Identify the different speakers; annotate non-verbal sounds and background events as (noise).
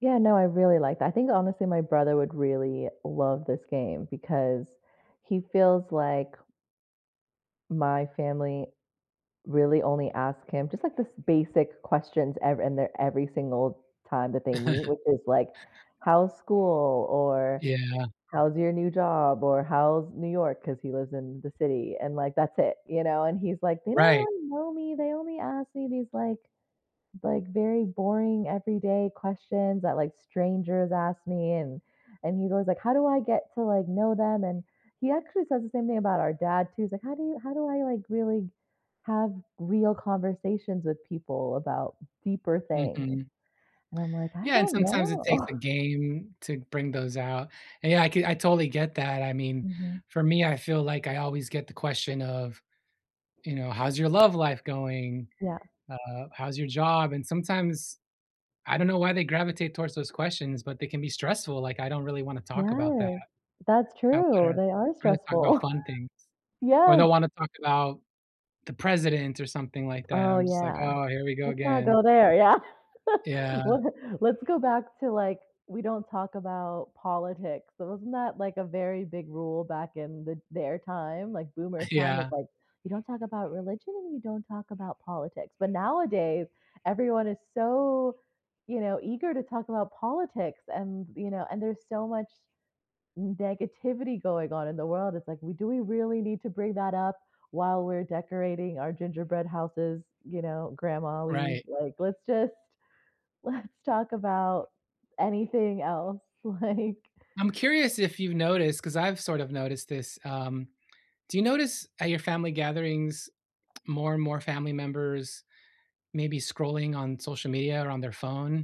Speaker 1: Yeah, no, I really like that, I think, honestly, my brother would really love this game because he feels like my family really only ask him just, like, this basic questions ev in they're every single time that they meet,
Speaker 2: (chuckles)
Speaker 1: which is like, "How's school?" or
Speaker 2: Yeah.
Speaker 1: "How's your new job?" or "How's New York?" 'cause he lives in the city and like that's it, you know, and he's like, "They don't
Speaker 2: Right.
Speaker 1: really know me, they only ask me these like like, very boring everyday questions that, like, strangers ask me," and and he goes, "Like, how do I get to, like, know them?" and he actually says the same thing about our dad too, he's like, "How do you how do I, like, really have real conversations with people about deeper things?"
Speaker 2: Mhm.
Speaker 1: And I'm like, "I
Speaker 2: Yeah, and
Speaker 1: don't
Speaker 2: sometimes it takes
Speaker 1: know."
Speaker 2: a
Speaker 1: (chuckles)
Speaker 2: game to bring those out. And yeah I c I totally get that, I mean,
Speaker 1: Mhm.
Speaker 2: for me, I feel like I always get the question of, you know, "How's your love life going?"
Speaker 1: Yeah.
Speaker 2: uh, "How's your job?" and sometimes, I don't know why they gravitate towards those questions, but they can be stressful, like I don't really wanna talk about that.
Speaker 1: Yeah, that's
Speaker 2: I
Speaker 1: true,
Speaker 2: wanna
Speaker 1: they are
Speaker 2: rather talk about
Speaker 1: stressful. (laughs)
Speaker 2: fun things, or
Speaker 1: Yes.
Speaker 2: they'll wanna talk about the president or something like that,
Speaker 1: Oh,
Speaker 2: I'm just like,
Speaker 1: yeah.
Speaker 2: "Oh, here we go
Speaker 1: Let's not
Speaker 2: again."
Speaker 1: go there, yeah. (laughs)
Speaker 2: Yeah.
Speaker 1: Let's let's go back to, like, we don't talk about politics, so wasn't that, like, a very big rule back in the their time? Like, boomers time was,
Speaker 2: Yeah.
Speaker 1: like, "You don't talk about religion, and you don't talk about politics," but nowadays, everyone is so, you know, eager to talk about politics and, you know, and there's so much negativity going on in the world, it's like, we "Do we really need to bring that up while we're decorating our gingerbread houses, you know, Grandma, we,
Speaker 2: Right.
Speaker 1: like let's just let's talk about anything else," like
Speaker 2: I'm curious if you've noticed- 'cause I've sort of noticed this- um, do you notice at your family gatherings, more and more family members, maybe scrolling on social media or on their phone?